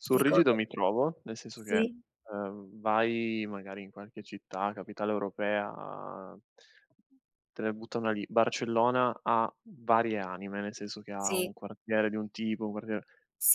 Sul rigido Ricordo mi trovo, nel senso che, Sì. ehm, vai magari in qualche città, capitale europea te ne butto una lì: Barcellona ha varie anime, nel senso che ha Sì. un quartiere di un tipo, un quartiere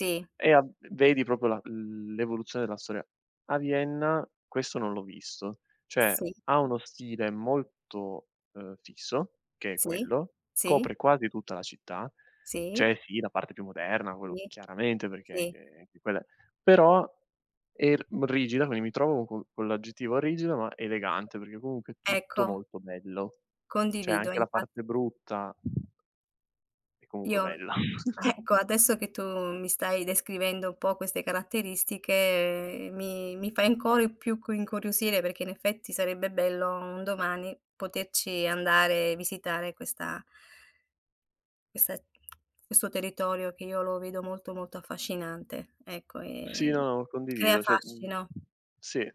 e e ha vedi proprio la l l'evoluzione della storia. A Vienna questo non l'ho visto. Cioè, Sì. ha uno stile molto, ehm, fisso che è Sì. quello, Sì. copre quasi tutta la città. Sì. C'è, sì, la parte più moderna, quello Sì. chiaramente perché Sì. anche anche quella, però è r mhmm, rigida, quindi mi trovo co con l'aggettivo rigida ma elegante, perché comunque è tutto Ecco. molto bello. C'è Condivido, anche la infa parte brutta è comunque Io, bella. ecco adesso che tu mi stai descrivendo un po' queste caratteristiche mi mi fai ancora più cu incuriosire perché in effetti sarebbe bello un domani poterci andare e visitare questa questa questo territorio che io lo vedo molto, molto affascinante, ecco, Sì, no, e no, lo crea condivido. Cioè, mhmm, fascino. sì,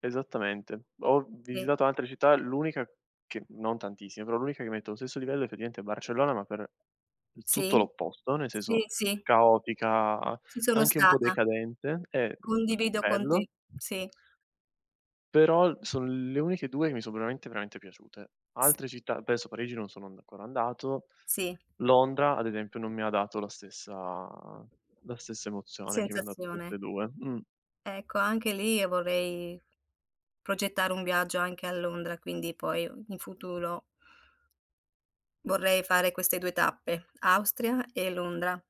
esattamente. Ho Sì. visitato altre città, l'unica che non tantissime, però l'unica che metto allo stesso livello effettivamente è Barcellona, ma per tutto Sì. l'opposto, nel senso Sì, sì. caotica, Ci sono anche un po' stata. decadente, e, mhmm, Condivido con bello te, sì. però son le uniche 2 che mi sono veramente, veramente piaciute. S Altre città adesso a Parigi non sono and ancora andato. Sì. Londra, ad esempio, non mi ha dato la stessa la stessa emozione che mi han dato Sensazione. queste 2. Mh. Ecco, anche lì vorrei progettare un viaggio anche a Londra, quindi poi in futuro vorrei fare queste 2 tappe: Austria e Londra.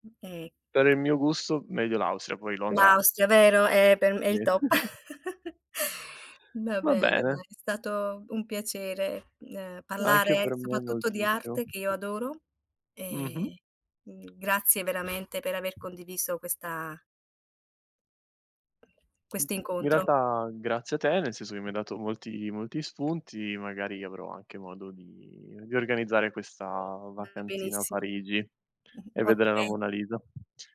Mh e Per il mio gusto meglio l'Austria, poi Londra L'Austria, vero? Eh, per me è Sì, il top. Va Va bene, bene. dai, è stato un piacere, ehm, Anche parlare per me soprattutto di moltissimo. arte, che io adoro. Mh-mh. E, mhmm, grazie veramente per aver condiviso questa Mhmm, questo in incontro. realtà grazie a te, nel senso che mi hai dato molti molti spunti, magari avrò anche modo di di organizzare questa Va vacanzina a benissimo. Parigi e vedere la Okay. Monna Lisa.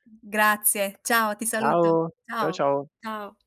Mh, grazie, ciao, ti saluto. Ciao, ciao Ciao, ciao. ciao.